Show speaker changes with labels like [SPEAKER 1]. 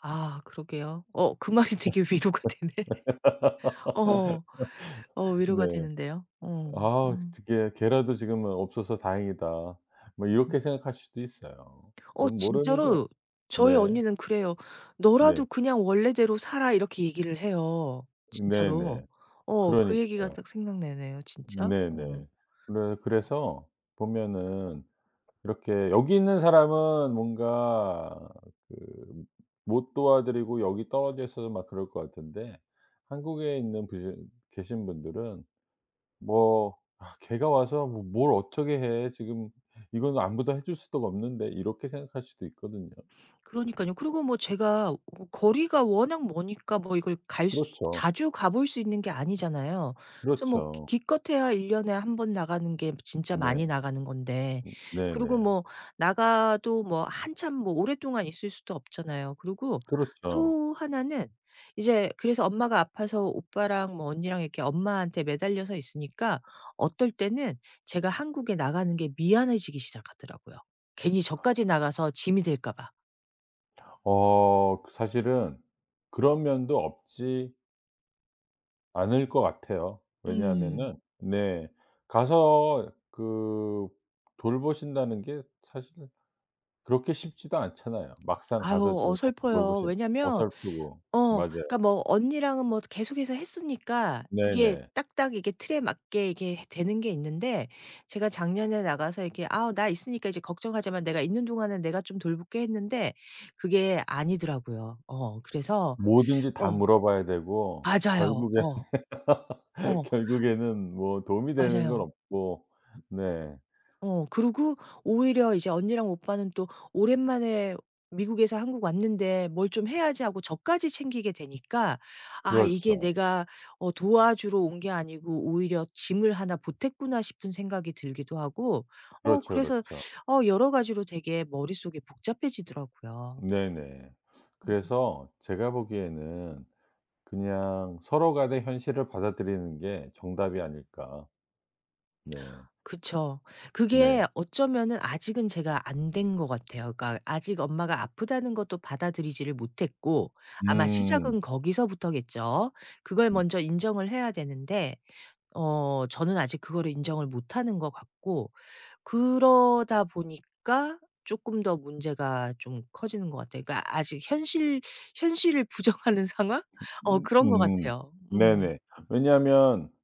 [SPEAKER 1] 아 그러게요. 어 그 말이 되게 위로가 되네. 어어 어
[SPEAKER 2] 네.
[SPEAKER 1] 위로가 되는데요. 어
[SPEAKER 2] '아
[SPEAKER 1] 음.
[SPEAKER 2] 어떻게 걔라도 지금은 없어서 다행이다.' 뭐
[SPEAKER 1] 음.
[SPEAKER 2] 이렇게 생각할 수도 있어요.
[SPEAKER 1] 어
[SPEAKER 2] 그건 모르는 거예요.
[SPEAKER 1] 진짜로 저희
[SPEAKER 2] 네.
[SPEAKER 1] 언니는 그래요.
[SPEAKER 2] 네.
[SPEAKER 1] "너라도 그냥 원래대로 살아." 이렇게 얘기를 해요 진짜로.
[SPEAKER 2] 네네
[SPEAKER 1] 어 그 얘기가
[SPEAKER 2] 그러니까요.
[SPEAKER 1] 딱 생각나네요 진짜. 음.
[SPEAKER 2] 네네. 그래
[SPEAKER 1] 어.
[SPEAKER 2] 그래서 보면은 이렇게 여기 있는 사람은 뭔가 그 못 도와 드리고 여기 떨어져 있어도 막 그럴 것 같은데 한국에 있는 부신 계신 분들은 뭐 '아 걔가 와서 뭐 뭘 어떻게 해. 지금 이거는 아무도 해 줄 수도 없는데.' 이렇게 생각할 수도 있거든요.
[SPEAKER 1] 그러니깐요. 그리고 뭐 제가 뭐 거리가 워낙 머니까 뭐 이걸 갈 수
[SPEAKER 2] 그렇죠.
[SPEAKER 1] 자주 가 볼 수 있는 게 아니잖아요. 그래서 뭐 기
[SPEAKER 2] 그렇죠.
[SPEAKER 1] 기껏해야 1 년에 1 번 나가는 게 진짜
[SPEAKER 2] 네. 음
[SPEAKER 1] 많이 나가는 건데 그리고
[SPEAKER 2] 네네.
[SPEAKER 1] 뭐 나가도 뭐 한참 뭐 오랫동안 있을 수도 없잖아요. 그리고
[SPEAKER 2] 그렇죠.
[SPEAKER 1] 또 1 는 이제 그래서 엄마가 아파서 오빠랑 뭐 언니랑 이렇게 엄마한테 매달려서 있으니까 어떨 때는 제가 한국에 나가는 게 미안해지기 시작하더라고요. 괜히 저까지 나가서 짐이 될까 봐.
[SPEAKER 2] 어 그 사실은 그런 면도 없지 않을 것 같아요.
[SPEAKER 1] 음.
[SPEAKER 2] 왜냐하면은 네 가서 그 돌보신다는 게 사실은 그렇게 쉽지도 않잖아요. 막상
[SPEAKER 1] 아유
[SPEAKER 2] 가서 지금 [unintelligible]
[SPEAKER 1] 어설퍼요.
[SPEAKER 2] 돌보신
[SPEAKER 1] 왜냐면
[SPEAKER 2] 어설프고
[SPEAKER 1] 어
[SPEAKER 2] 맞아요.
[SPEAKER 1] 그니까 뭐 언니랑은 뭐 계속해서 했으니까 이게
[SPEAKER 2] 네네.
[SPEAKER 1] 딱딱 이게 틀에 맞게 이게 되는 게 있는데 제가 작년에 나가서 이렇게 "아 나 있으니까 이제 걱정하지 마. 내가 있는 동안에 내가 좀 돌볼게." 했는데 그게 아니더라고요. 어 그래서
[SPEAKER 2] 뭐든지 다
[SPEAKER 1] 어.
[SPEAKER 2] 물어 봐야 되고
[SPEAKER 1] 맞아요.
[SPEAKER 2] 결국에는
[SPEAKER 1] 어. 어.
[SPEAKER 2] 결국에는 뭐 도움이 되는 건
[SPEAKER 1] 맞아요.
[SPEAKER 2] 없고 네.
[SPEAKER 1] 어 그리고 오히려 이제 언니랑 오빠는 또 '오랜만에 미국에서 한국 왔는데 뭘 좀 해야지.' 하고 저까지 챙기게 되니까 '아 이게
[SPEAKER 2] 그렇죠.
[SPEAKER 1] 내가 어 도와주러 온 게 아니고 오히려 짐을 1 보탰구나.' 싶은 생각이 들기도 하고 어
[SPEAKER 2] 그렇죠,
[SPEAKER 1] 그래서
[SPEAKER 2] 그렇죠.
[SPEAKER 1] 어 여러 가지로 되게 머릿속에 복잡해지더라고요.
[SPEAKER 2] 네네.
[SPEAKER 1] 음.
[SPEAKER 2] 그래서 제가 보기에는 그냥 서로 간의 현실을 받아들이는 게 정답이 아닐까. 네.
[SPEAKER 1] 그쵸.
[SPEAKER 2] 네.
[SPEAKER 1] 그게 어쩌면은 아직은 제가 안 된 것 같아요. 그러니까 아직 엄마가 아프다는 것도 받아들이지를 못했고 아마 시작은
[SPEAKER 2] 음.
[SPEAKER 1] 거기서부터겠죠. 그걸
[SPEAKER 2] 음.
[SPEAKER 1] 먼저 인정을 해야 되는데 어 저는 아직 그거를 인정을 못 하는 것 같고 그러다 보니까 쪼끔 더 문제가 좀 커지는 것 같아요. 그러니까 아직 현실 현실을 부정하는 상황? 어
[SPEAKER 2] 음
[SPEAKER 1] 그런 것
[SPEAKER 2] 음.
[SPEAKER 1] 같아요. 음.
[SPEAKER 2] 네네 왜냐하면